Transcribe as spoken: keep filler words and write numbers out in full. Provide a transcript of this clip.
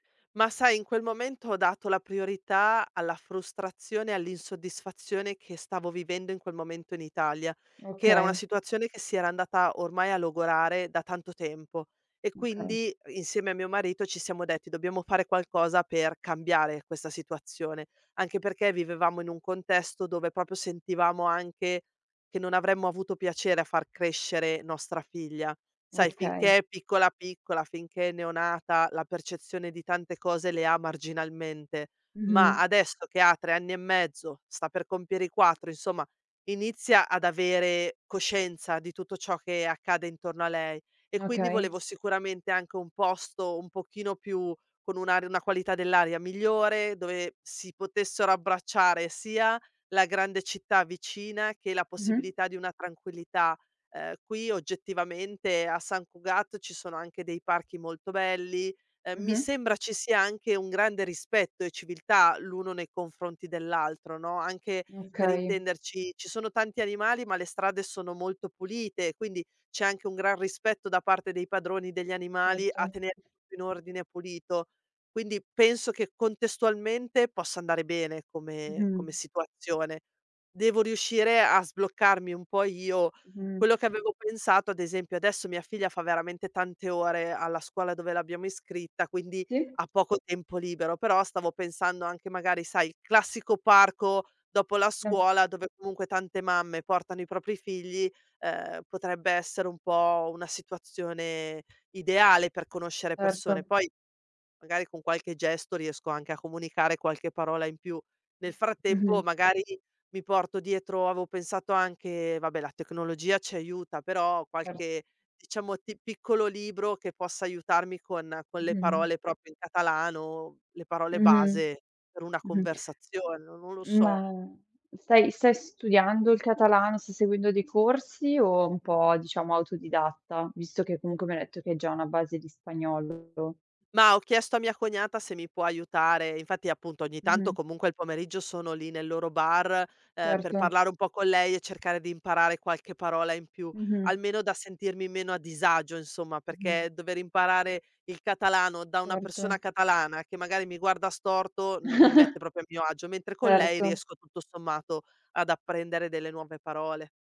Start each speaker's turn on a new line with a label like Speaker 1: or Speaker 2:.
Speaker 1: Ma sai in quel momento ho dato la priorità alla frustrazione e all'insoddisfazione che stavo vivendo in quel momento in Italia, che era una
Speaker 2: Okay.
Speaker 1: situazione che si era andata ormai a logorare da tanto tempo e
Speaker 2: Okay.
Speaker 1: quindi insieme a mio marito ci siamo detti:"Ddobbiamo fare qualcosa per cambiare questa situazione". Anche perché vivevamo in un contesto dove propio sentivamo anche che non avremmo avuto piacere a far crescere nostra figlia. Sai,
Speaker 2: Okay.
Speaker 1: finché è piccola, piccola, finché è neonata, la percezione di tante cose le ha marginalmente, ma
Speaker 2: Mh-mh.
Speaker 1: adesso che ha trè anni e mezzo, sta per compiere i quattro, insomma inizia ad avere coscienza di tutto ciò che accade intorno a lei. E quindi
Speaker 2: Okay.
Speaker 1: volevo sicuramente anche un posto un pochino più con un'ar una qualità dell'aria migliore, dove si potessero abbracciare sia la grande città vicina che la
Speaker 2: Mh-mh.
Speaker 1: possibilità di una tranquillità. Uhm, qui oggettivamente a Sant Cugat ci sono anche dei parchi molto belli. Ehm, mi
Speaker 2: Mh-mh.
Speaker 1: sembra ci sia anche un grande rispetto e civiltà l'uno nei confronti dell'altro, no, anche, per
Speaker 2: Okay.
Speaker 1: intenderci, ci sono tanti animali, ma le strade sono molto pulite, quindi c'è anche un gran rispetto da parte dei padroni degli animali a
Speaker 2: Certo.
Speaker 1: tener tutto in ordine pulito. Quindi penso che contestualmente possa andare bene come come
Speaker 2: Mh-mh.
Speaker 1: situazione. Devo riuscire a sbloccarmi un po' io.
Speaker 2: Mh-mh.
Speaker 1: Quello che avevo pensato, ad esempio, adesso mia figlia fa veramente tante ore alla scuola dove l'abbiamo iscritta, quindi
Speaker 2: Sì.
Speaker 1: ha poco tempo libero, però stavo pensando anche magari, sai, il classico parco dopo la
Speaker 2: Ma t
Speaker 1: scuola, dove comunque tante mamme portano i propri figli, ehm, potrebbe essere un po' una situazione ideale per conoscere persone.
Speaker 2: Certo.
Speaker 1: Poi magari con qualche gesto riesco anche a comunicare qualche parola in più. Nel frattempo
Speaker 2: Mh-mh.
Speaker 1: magari mi porto dietro, aveo pensato anche vabbè la tecnologia ci aiuta, però
Speaker 2: Certo.
Speaker 1: qualche diciamo ti piccolo libro che possa aiutarmi con con le
Speaker 2: Mh-mh.
Speaker 1: parole propio in catalano, le parole
Speaker 2: Mh,
Speaker 1: base per una
Speaker 2: mh-mh.
Speaker 1: conversazio no non lo so.
Speaker 2: Ma stai stai studiando il catalano, stai seguendo dei corsi, o è un po' diciamo autodidatta? Visto che comunque mi hai detto che hai già una base di spagnolo.
Speaker 1: Mah, ho chiesto a mia cognata se mi può aiutare. E infatti appunto ogni tanto
Speaker 2: Mh-mh.
Speaker 1: comunque il pomeriggio sono lì nel loro bar, ehm, per
Speaker 2: Certo.
Speaker 1: parlare un po' con lei e cercare di imparare qualche parola in più,
Speaker 2: Mh-mh.
Speaker 1: almeno da sentirmi meno a disagio insomma,
Speaker 2: Mh-mh.
Speaker 1: perché dover imparare il catalano da una persona
Speaker 2: Certo.
Speaker 1: catalana, che magari mi guarda storto, non mi mette propio a mio agio, mentre con lei
Speaker 2: Certo.
Speaker 1: riesco tutto sommato ad apprendere delle nuove parole.